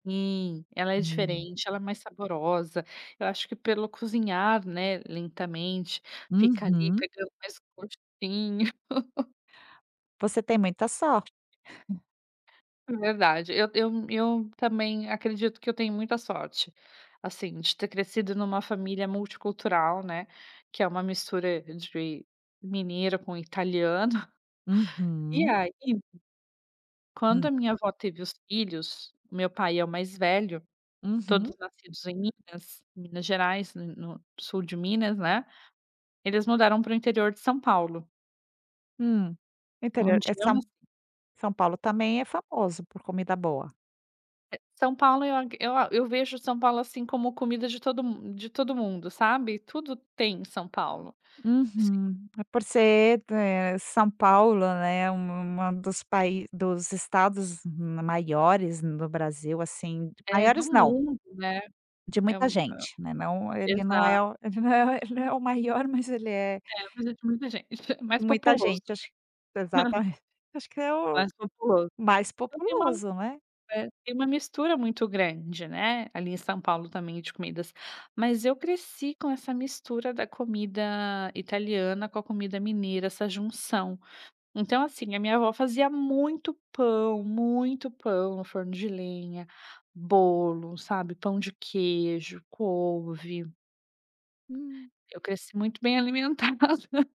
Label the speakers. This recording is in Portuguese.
Speaker 1: Sim, ela é
Speaker 2: Hum.
Speaker 1: diferente, ela é mais saborosa, eu acho que pelo cozinhar, né, lentamente, fica ali,
Speaker 2: Uhum.
Speaker 1: pegando mais gostinho.
Speaker 2: Você tem muita sor
Speaker 1: Verdade, eu eu eu também acredito que eu tenho muita sorte, assim, de ter crescido numa família multicultural, né, que é uma mistura de mineiro com italiano. E
Speaker 2: Uhum.
Speaker 1: aí quando
Speaker 2: Hum.
Speaker 1: a minha avó teve os filhos, meu pai é o mais velho, todos
Speaker 2: Uhum.
Speaker 1: nascidos em Minas, Minas Gerais, no no sul de Minas, né. Eles mudaram para o interior de São Paulo.
Speaker 2: Hum. No interior,
Speaker 1: Onde
Speaker 2: é
Speaker 1: eu
Speaker 2: São
Speaker 1: nas
Speaker 2: São Paulo também é famoso por comida boa.
Speaker 1: São Paulo, eu ac eu a eu vejo São Paulo, assim, como comida de todo mu de todo mundo, sabe. Tudo tem em São Paulo. Sim.
Speaker 2: Uhum. Por ser, eh, São Paulo, né, um uma dos paí dos Estados ma maiores no Brasil, assim,
Speaker 1: Eh, do
Speaker 2: maiores não
Speaker 1: mundo, né.
Speaker 2: de
Speaker 1: É
Speaker 2: muita
Speaker 1: um
Speaker 2: gente, né, não ele não
Speaker 1: exa
Speaker 2: é o ele não é o ele não é o maior, mas ele é
Speaker 1: É, mas é de muita gente, mais
Speaker 2: Muita
Speaker 1: populoso.
Speaker 2: gente. Acho exatamen acho que é o
Speaker 1: Mais populoso.
Speaker 2: mais
Speaker 1: Então tem uma
Speaker 2: populoso, né.
Speaker 1: é. Tem uma mistura muito grande, né, ali em São Paulo, também, de comidas. Mas eu cresci com essa mistura da comida italiana com a comida mineira, essa junção. Então, assim, a minha avó fazia muito pão, muito pão no forno de lenha, bolo, sabe, pão de queijo, couve.
Speaker 2: Hum.
Speaker 1: Eu cresci muito bem alimentada.